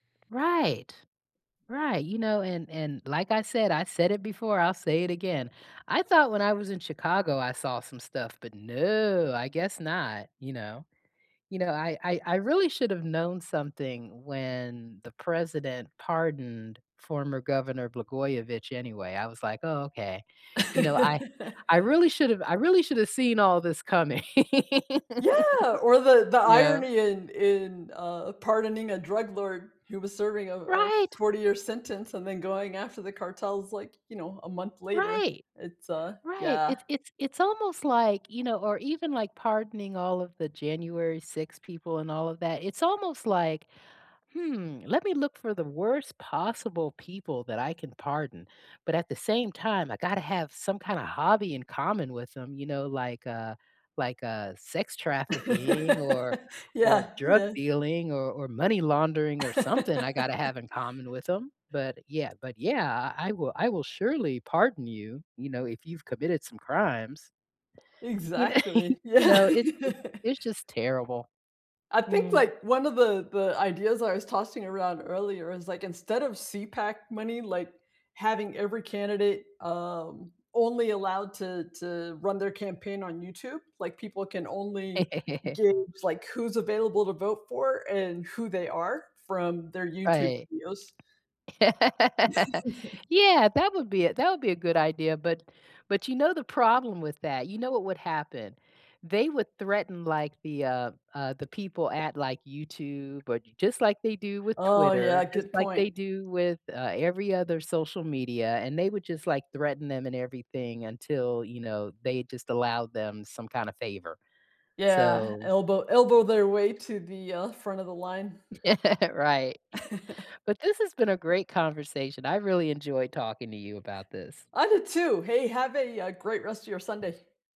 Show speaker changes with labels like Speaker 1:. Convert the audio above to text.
Speaker 1: Right, right, you know, and and like I said, I said it before, I'll say it again, I thought when I was in Chicago, I saw some stuff, but no, I guess not, you know? You know, I I I really should've known something when the president pardoned former governor Blagojevich anyway, I was like, "Oh okay." you know, I I really should've I really should have seen all this coming.
Speaker 2: Yeah! Or the the
Speaker 1: Yeah.
Speaker 2: irony in in uh, pardoning a drug lord who was serving a a
Speaker 1: Right!
Speaker 2: forty-year sentence and then going after the cartels, like, you know, a month later.
Speaker 1: Right,
Speaker 2: It's, uh
Speaker 1: right.
Speaker 2: yeah.
Speaker 1: It's it's it's almost like, you know or even like pardoning all of the January 6 people and all of that, it's almost like, "Hmm, let me look for the worst possible people that I can pardon, but at the same time, I gotta have some kinda hobby in common with them," you know, like, "Uh like, uh, sex trafficking or or
Speaker 2: Yeah,
Speaker 1: drug
Speaker 2: yeah.
Speaker 1: dealing or or money laundering or something I gotta have in common with 'em." But yeah but yeah, "I I will I will surely pardon you, you know, if you've committed some crimes." You kn
Speaker 2: Exactly.
Speaker 1: You
Speaker 2: Yeah.
Speaker 1: know, it it's it's just terrible.
Speaker 2: I think,
Speaker 1: Mm.
Speaker 2: like, one of the the ideas I was tossing around earlier is, like, instead of CPAC money, like, having every candidate, um, only allowed to to run their campaign on YouTube like, people can only
Speaker 1: ,
Speaker 2: gauge, like, who's available to vote for and who they are from their YouTube
Speaker 1: Right.
Speaker 2: videos.
Speaker 1: Yeah, that would be that would be a good idea, but but you know the problem with that, you know what would happen, they would threaten, like, the, uh, uh, the people at like YouTube, or j just like they do with
Speaker 2: Oh,
Speaker 1: Twitter,
Speaker 2: yeah.
Speaker 1: just
Speaker 2: Good
Speaker 1: like they
Speaker 2: point.
Speaker 1: do with, uh, every other social media, and they would just like threaten them and everything until, you know, they just allowed them some kinda favor.
Speaker 2: Yeah.
Speaker 1: So
Speaker 2: Elbow elbow their way to the, uh, front of the line.
Speaker 1: Yeah. Right. But this has been a great conversation. I really enjoyed talking to you about this.
Speaker 2: I did too. Hey. Have a, uh, great rest of your Sunday.